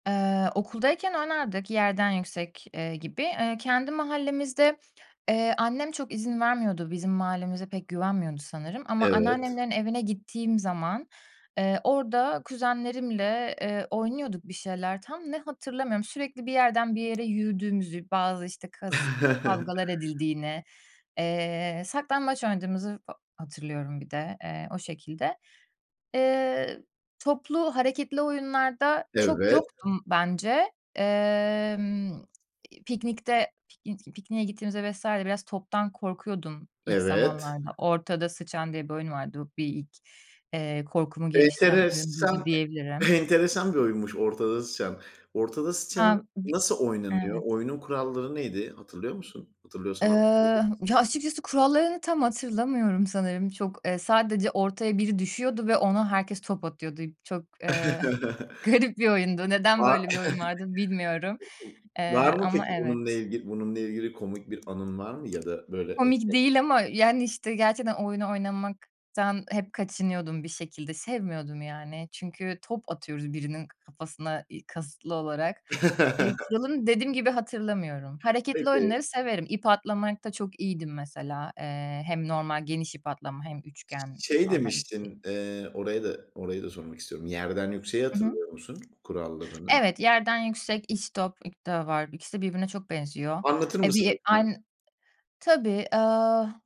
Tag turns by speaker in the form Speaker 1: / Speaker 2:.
Speaker 1: Eee, okuldayken oynardık yerden yüksek, eee, gibi. Eee, kendi mahallemizde, eee, annem çok izin vermiyordu bizim mahallemize pek güvenmiyordu sanırım ama
Speaker 2: Evet.
Speaker 1: anneannemlerin evine gittiğim zaman, eee, orada kuzenlerimle, eee, oynuyorduk bir şeyler tam ne hatırlamıyorum. Sürekli bir yerden bir yere yürüdüğümüzü, bazı, işte, kas kavgalar edildiğini, eee, saklambaç oynadığımızı fa hatırlıyorum bir de, eee, o şekilde. Eee, toplu hareketli oyunlarda çok
Speaker 2: Evet.
Speaker 1: yoktum bence. Emm, piknikte piknik pikniğe gittiğimizde vs. biraz toptan korkuyordum ilk
Speaker 2: Evet.
Speaker 1: zamanlarda. Ortada sıçan diye bir oyun vardı. Bir ilk, eee, korkumu geliştiren oyun buydu
Speaker 2: Enteresa e
Speaker 1: diyebilirim.
Speaker 2: enteresan bir oyunmuş ortada sıçan. Ortada sıçanın
Speaker 1: Hem bi
Speaker 2: nasıl oynanıyor?
Speaker 1: Evet.
Speaker 2: Oyunun kuralları neydi? Hatırlıyor musun?
Speaker 1: Eee,
Speaker 2: Hatırlıyorsan, anlatabilir misin?
Speaker 1: ya açıkçası kurallarını tam hatırlamıyorum sanırım. Çok, eee, sadece ortaya biri düşüyordu ve ona herkes top atıyordu. Çok, eee, garip bir oyundu. Neden
Speaker 2: Var.
Speaker 1: böyle bir oyun vardı bilmiyorum,
Speaker 2: [unintelligible] Var
Speaker 1: eee,
Speaker 2: mı
Speaker 1: ama
Speaker 2: peki bununla
Speaker 1: evet.
Speaker 2: ilgili bununla ilgili komik bir anın var mı ya da böyle?
Speaker 1: Komik
Speaker 2: [unintelligible]
Speaker 1: değil ama yani, işte, gerçekten oyunu oynamaktan hep kaçınıyordum bir şekilde. Sevmiyordum yani çünkü top atıyoruz birinin k kafasına, eee, kasıtlı olarak. Eee, kuralı dediğim gibi hatırlamıyorum. Hareketli
Speaker 2: Peki.
Speaker 1: oyunları severim. İp atlamakta çok iyiydim mesela, eee, hem normal geniş ip atlama hem
Speaker 2: Ş
Speaker 1: üçgen
Speaker 2: şey
Speaker 1: normal ikili.
Speaker 2: demiştin, eee, orayı da orayı da sormak istiyorum. Yerden yükseği
Speaker 1: Hı hı.
Speaker 2: hatırlıyor musun kurallarını?
Speaker 1: Evet, yerden yüksek, istop, [unintelligible] var. İkisi de birbirine çok benziyor.
Speaker 2: Anlatır
Speaker 1: E,
Speaker 2: mısın,
Speaker 1: bir
Speaker 2: lütfen?
Speaker 1: ayn Tabii, ııı